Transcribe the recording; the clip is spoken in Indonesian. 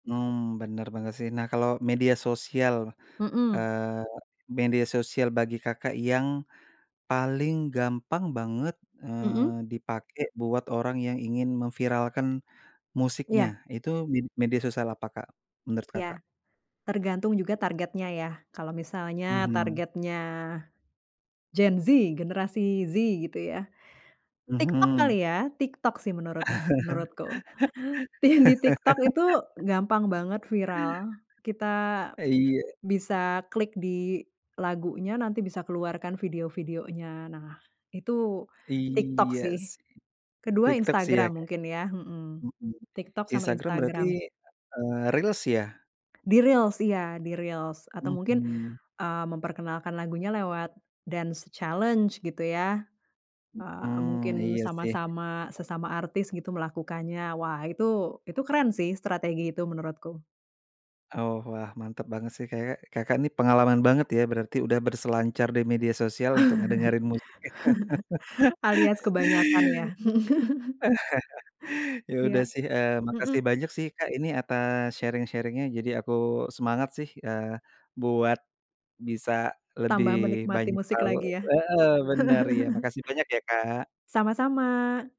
Mmm, bener bener sih. Nah, kalau media sosial, Mmm. eee, media sosial bagi Kakak yang paling gampang banget, Mmm. eee, dipake buat orang yang ingin memviralkan musiknya, Iya. itu med media sosial apa, Kak, menurut Kakak? Iya. Tergantung juga targetnya ya, kalau misalnya Mhm. targetnya, gen Z, generasi Z, gitu ya, TikTok Mhm. kali ya, TikTok sih menurut menurutku. Tih di TikTok itu gampang banget viral, kita Eee, iya. bisa klik di lagunya, nanti bisa keluar kan video-videonya. Nah, itu TikTok Iya sih. sih. Ke-2, TikTok sih ya Instagram Kak. mungkin ya. Heeh. Mhm. TikTok sama Instagram berarti, Instagram. eee, Reels ya? Di Reels, iya di Reels, atau mungkin, Mmm. eee, memperkenalkan lagunya lewat dance challenge gitu ya. Eee, Mhm, mungkin iya sih. sama-sama sesama artis gitu melakukannya, wah itu itu keren sih strategi itu menurutku. Oh wah, mantap banget sih, kayak Kakak ini pengalaman banget ya berarti udah berselancar di media sosial untuk ngedengerin musik ya. Alias kebanyakan ya. Ya udah Iya. sih, eee, makasih Mmm. banyak sih, Kak, ini atas sharing-sharing-nya, jadi aku semangat sih, eee, buat bisa lebih Tambah menikmati banyak musik tahu lagi ya. heeh, bener, iya, makasih banyak ya, Kak. Sama-sama.